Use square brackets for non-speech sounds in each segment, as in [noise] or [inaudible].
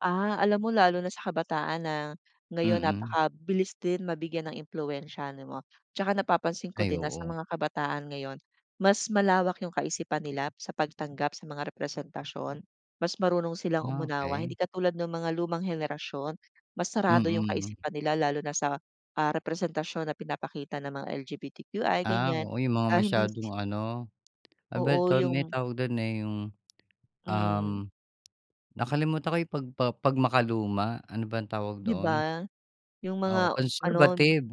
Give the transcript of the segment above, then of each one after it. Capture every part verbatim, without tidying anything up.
Ah. Alam mo lalo na sa kabataan na ngayon Mm. napakabilis din mabigyan ng impluwensiya, di ba. Tsaka napapansin ko Ay, din na sa oo. mga kabataan ngayon mas malawak yung kaisipan nila sa pagtanggap, sa mga representasyon. Mas marunong silang Ah, umunawa okey. hindi katulad nung mga lumang henerasyon, mas sarado yung Mm. kaisipan nila lalo na sa, ah, representasyon na pinapakita ng mga L-G-B-T-Q-I, Ah, ganyan. oo. Yung mga Ah, hindi si masyadong ano, ano ba Oo, ito, may yung tawag dun, eh, yung, um, Hmm. nakalimutan ko, eh, pagpa 'pag makaluma, ano bang tawag Di doon? ba? Yung Oo, mga ano conservative,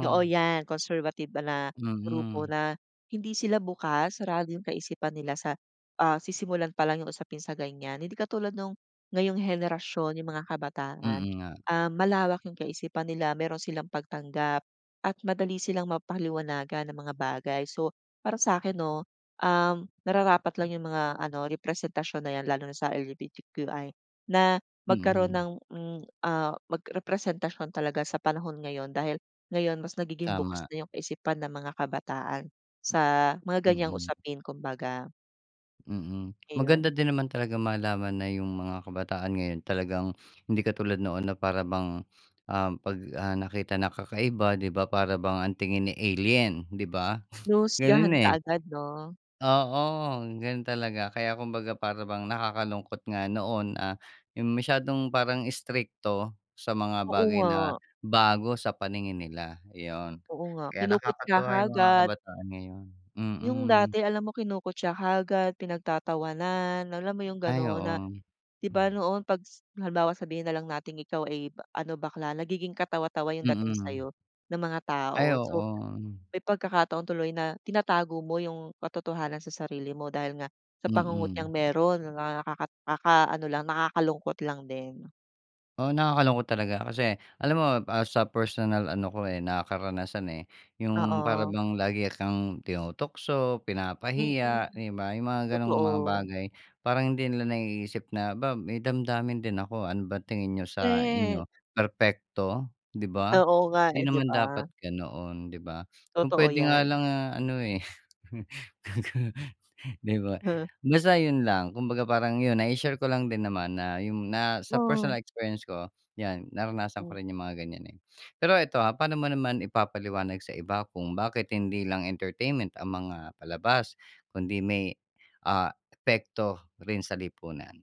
oo 'yan. Conservative ba na grupo Mm. na hindi sila bukas, sarado yung kaisipan nila sa, ah, sisimulan palang yung usapin sa ganyan. Hindi katulad nung ngayong henerasyon, yung mga kabataan. Mm nga. Ah, malawak yung kaisipan nila, meron silang pagtanggap at madali silang mapaliwanagan ng mga bagay. So, para sa'kin 'no, um, nararapat lang yung mga ano, representasyon na 'yan lalo na sa L-G-B-T-Q-I na magkaroon Mm. ng, hmm, ah, mag representasyon talaga sa panahon ngayon. Dahil ngayon mas nagiging bukas Tama. na yung kaisipan ng mga kabataan sa mga ganyang Mm. usapin, kumbaga. Mm. Maganda Ayun. din naman talagang malaman na yung mga kabataan ngayon talagang hindi katulad noon na para bang, ah, 'pag, ah, nakita na kakaiba, di ba, para bang ang tingin, eh, alien, di ba? [snorts] Ganun, Hinuhusgahan eh. kaagad 'no? Oo. Ganun talaga kaya kumbaga para bang nakakalungkot nga noon, ah, yung masyadong parang istrikto sa mga Oo bagay na nga. bago sa paningin nila, yun. Oo nga, Kaya kinukutya nakakatuwa yung mga kaagad. kabataan ngayon, Yung mm. dati alam mo kinukutya kaagad, pinagtatawanan, alam mo yung Ay ganun na oo. di ba Hmm. noon 'pag s halimbawa sabihin na lang nating ikaw ay ano, bakla. Nagiging katawa-tawa yung dating Mm. sa'yo ng mga Ay tao. So, oo. may pagkakataon tuloy na tinatago mo yung katotohanan sa sarili mo dahil nga sa pangungutyang Mm. meron. Mga nakaka nakakaano lang, nakakalungkot lang din. Oo. Nakakalungkot talaga kasi alam mo, ah, sa personal ano ko, eh, na karanasan, eh. Yung para Oo. bang lagi kang tinutukso, Mm, pinapahiya, di ba? Yung mga gan'ong mga totoo. bagay parang hindi nila naiisip na, "'Ba may damdamin din ako. Ano ba tingin niyo sa Correct. inyo, perpekto?" Di ba? Oo nga, Hindi eh, di naman ba? dapat ganoon, di ba? Kung Totoo pwede nga 'yan. lang ano, eh [laughs] di ba? He. Basta yun lang. Kumbaga parang yun, nai-share ko lang din naman na yung na sa Oh. personal experience ko 'yan, naranasan ko Hmm. rin yung mga ganyan, eh. Pero 'eto, ah. Pa'no mo naman ipapaliwanag sa iba kung bakit hindi lang entertainment ang mga palabas kundi may, ah, epekto rin sa lipunan?